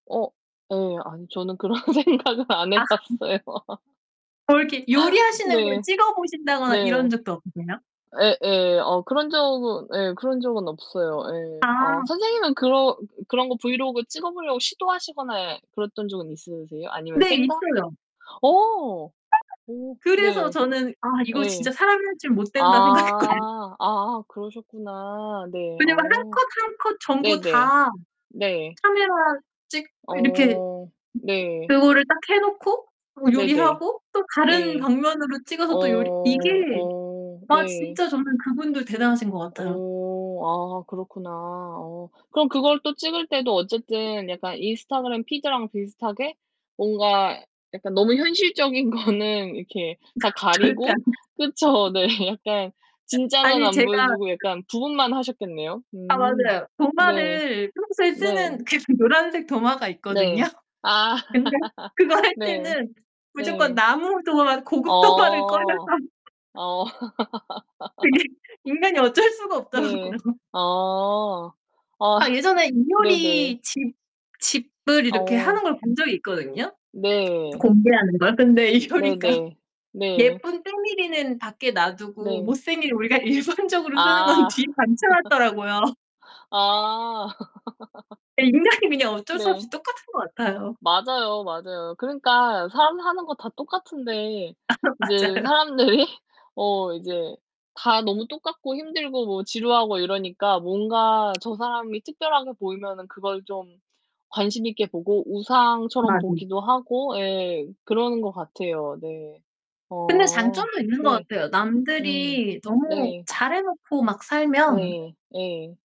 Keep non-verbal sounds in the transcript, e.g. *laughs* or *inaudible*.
어 예. 아니 저는 그런 생각을 안 해 아. 음. 봤어요. *laughs* 뭐 이렇게 요리하시는 걸 네. 찍어 보신다거나 이런 네. 적도 없으세요? 예예. 어 그런 적은 예. 그런 적은 없어요. 아. 예. 아 선생님은 그러 으 그 그런 거 브이로그 찍어 보려고 시도하시거나 그랬던 적은 있으세요? 아니면 네. 생각? 있어요. 어. 오. 그래서 네. 저는 '아 이거 진짜 예. 사람이 할 짓 못된다.' 생각했거든 아. 아 그러셨구나. 네. 그냥 뭐 1 어 컷 1 컷 전부 네네. 다 네. 카메라 찍고 이렇게 어 네. 그거를 딱 해 놓고 어 네네. 요리하고 또 다른 예. 방면으로 어. 찍어서 또 요리 이게 어. 아 네. 진짜 저는 그분들 대단하신 것 같아요. 어. 아 그렇구나. 어 그럼 그걸 또 찍을 때도 어쨌든 약간 인스타그램 피드랑 비슷하게 뭔가 약간 너무 현실적인 거는 이렇게 다 *laughs* 절대 안 가리고 그쵸? 네. 약간 진짜는 아니 안 제가 보여 주고 약간 부분만 하셨겠네요. 아 음. 맞아요. 네. 도마를 평소에 네. 쓰는 계속 노란색 도마가 있거든요. 네. 아. 근데 그거 *laughs* 할 네. 때는 무조건 네. 나무 도마, 고급 도마를 꺼내서 어. *laughs* 어. *laughs* 그게 인간이 어쩔 수가 네. 없더라고요. 아. 아 아 예전에 네네. 이효리 집 집을 이렇게 어. 하는 걸 본 적이 있거든요, 네. 공개하는 걸. 근데 이효리가 네네. 네. 예쁜 때밀이는 밖에 놔두고 네. 못생긴 우리가 일반적으로 쓰는 건 아. 뒤에 받쳐 *laughs* 놨더라고요. 아. *laughs* 예. 인간이 그냥 어쩔 수 없이 네. 똑같은 것 같아요. 맞아요, 맞아요. 그러니까 사람 사는 거 다 똑같은데 아 이제 맞아요. 사람들이 어 이제 다 너무 똑같고 힘들고 뭐 지루하고 이러니까 뭔가 저 사람이 특별하게 보이면은 그걸 좀 관심 있게 보고 우상처럼 아 네. 보기도 하고 예 그러는 것 같아요. 네. 근데 어. 장점도 있는 것 네. 같아요. 음. 남들이 너무 네. 잘 해 놓고 막 살면 네. 예.